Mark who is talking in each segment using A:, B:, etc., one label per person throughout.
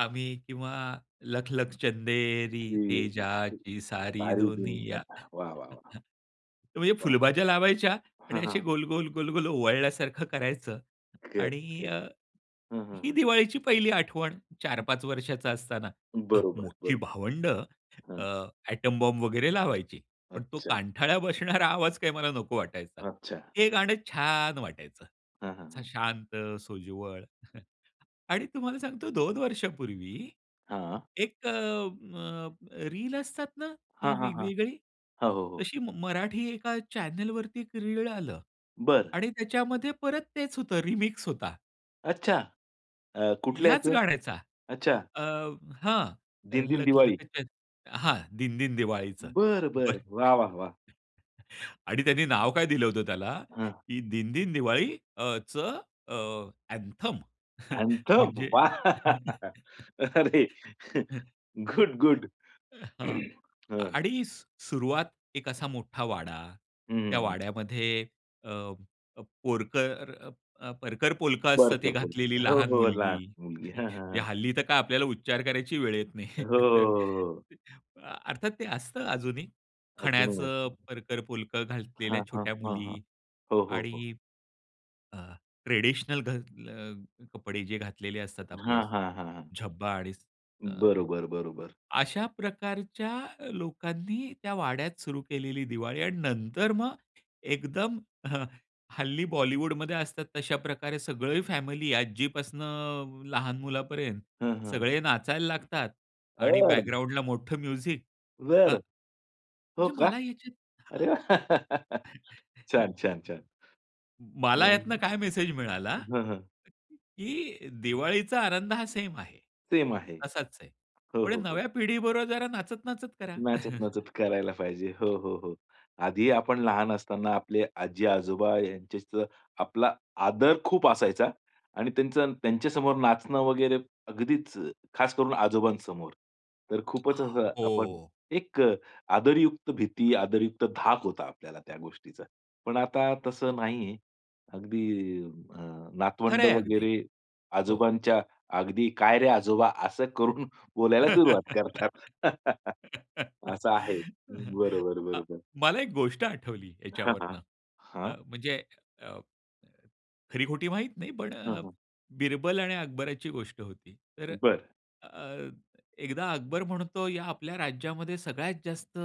A: आम्ही किंवा लखलख चंदेरी
B: [unintelligible] सारी
A: तेजाची सारी
B: दुनिया
A: दुनिया.
B: वाह, वाह, वाह,
A: म्हणजे
B: वाह!
A: फुलभाज्या लावायच्या आणि
B: हां,
A: अशी
B: हां.
A: गोल-गोल, गोल-गोल ओवळल्यासारखं करायचं
B: ओके, ओके
A: आणि अ,
B: हं, हं,
A: ही
B: हं.
A: दिवाळीची पहिली आठवण चार
B: हं.
A: पाच वर्षाचा असताना
B: बरोबर,
A: मोठी
B: बरोबर
A: भावंड
B: हं.
A: अ, एटॉम बॉम्ब वगैरे लावायची. पण तो
B: अच्छा.
A: कानठळ्या बसणारा आवाज काही मला नको वाटायचा.
B: अच्छा.
A: हे गाणं छान वाटायचं.
B: हां, हां,
A: असं
B: हां.
A: शांत, सोज्वळ आणि तुम्हाला सांगतो 2 वर्षांपूर्वी,
B: हां.
A: एक अ, अ, रील असतात ना
B: हां,
A: ती
B: हां, हां.
A: वेगवेगळी,
B: हो, हो, हो.
A: तशी मराठी एका चॅनेलवरती एक रीळ आलं
B: बरं.
A: आणि त्याच्यामध्ये परत तेच होतं रिमिक्स होता.
B: अच्छा. अ, कुठलं
A: ह्याच
B: याचं?
A: गाण्याचा.
B: अच्छा.
A: अ, हां.
B: दिनदिन दिवाळी.
A: लखलखचं हां. दिनदिन दिवाळीचं.
B: बरं, बरं.
A: बरं.
B: वाह, वाह, वाह!
A: आणि त्यांनी नाव काय दिलं होतं त्याला
B: हं.
A: की दिनदिन दिवाळी अ, चं अ, अँथम.
B: अँथम,
A: म्हणजे
B: वाह! अरे. Good, good.
A: हां
B: हं.
A: आणि सु सुरुवात एक असा मोठा वाडा त्या
B: हं.
A: वाड्यामध्ये अ, पोरकर अ, परकर पोलक असतं ते
B: परकर
A: घातलेली
B: पोलकं हो,
A: लहान
B: हो. लहान
A: मुलगी.
B: मुलगी हां, हां, हां.
A: हल्ली तर काय आपल्याला उच्चार करायची वेळ येत
B: हो,
A: नाही.
B: हो, हो, हो.
A: अ, अर्थात ते असतं अजूनही.
B: अजूनही
A: खण्याचं
B: असतं.
A: परकर पोलक घातलेल्या
B: हां, हां,
A: छोट्या
B: हां,
A: मुली
B: हां. हो, हो, हो.
A: आणि अ, ट्रेडिशनल घातले अ, कपडे जे घातलेले असतात आपले
B: हां, हां, हां, हां.
A: झब्बा आणि अ,
B: बरोबर, बरोबर.
A: अशा प्रकारच्या लोकांनी त्या वाड्यात सुरू केलेली दिवाळी आणि नंतर मग एकदम हं, हल्ली बॉलिवूडमध्ये असतात तशा प्रकारे सगळी फॅमिली आजीपासणं लहान मुलापर्यंत
B: हं, हं.
A: सगळे नाचायला लागतात आणि
B: बरं.
A: बॅकग्राऊंडला मोठं म्युझिक अ,
B: बरं. हो
A: म्हणजे
B: का?
A: मला ह्याच्यात
B: अरे
A: हां.
B: छान, छान, छान
A: मला यातनं
B: हं.
A: काय मेसेज मिळाला
B: हां, हां.
A: की
B: हं.
A: दिवाळीचा आनंद हा सेम आहे.
B: सेम आहे
A: असाच आहे.
B: हो,
A: पुढे
B: हो, हो.
A: नव्या पिढीबरोबर जरा नाचत, नाचत करा.
B: नाचत, नाचत करायला पाहिजे. हो, हो, हो. आधी आपण लहान असताना आपले आजी-आजोबा यांच्याशी आपला आदर खूप असायचा आणि त्यांच्या त्यांच्यासमोर नाचणं वगैरे अगदीच खास करून आजोबांसमोर तर खूपच असं आपण
A: हो.
B: एक अ, आदरयुक्त भीती, आदरयुक्त धाक होता आपल्याला त्या गोष्टीचा. पण आता तसं नाही. अगदी अ,
A: खरं
B: नातवंड
A: आहे अगदी
B: वगैरे
A: हो.
B: आजोबांच्या अगदी, "काय रे आजोबा" असं करून बोलायला सुरुवात करतात. असं आहे. बरोबर,
A: अ,
B: बरोबर.
A: मला एक गोष्ट आठवली
B: हां, हां,
A: याच्यावरनं अ,
B: हां.
A: म्हणजे अ, खरी-खोटी माहीत नाही पण
B: हां,
A: अ,
B: हां.
A: बिरबल आणि अकबराची गोष्ट होती. तर
B: बरं.
A: अ, अ, एकदा अकबर म्हणतो, "या आपल्या राज्यामध्ये सगळ्यात जास्त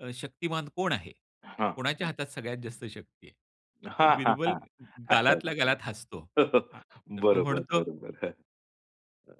A: अ, शक्तिमान कोण आहे?
B: हां,
A: कोणाच्या
B: हां.
A: हातात सगळ्यात जास्त शक्ती आहे?" तर
B: हां, हां,
A: बिरबल
B: हां. आठवलं,
A: गालातल्या
B: आठवलं.
A: गालात हसतो. अ, तर तो
B: बरोबर,
A: म्हणतो
B: बरोबर. हं. अ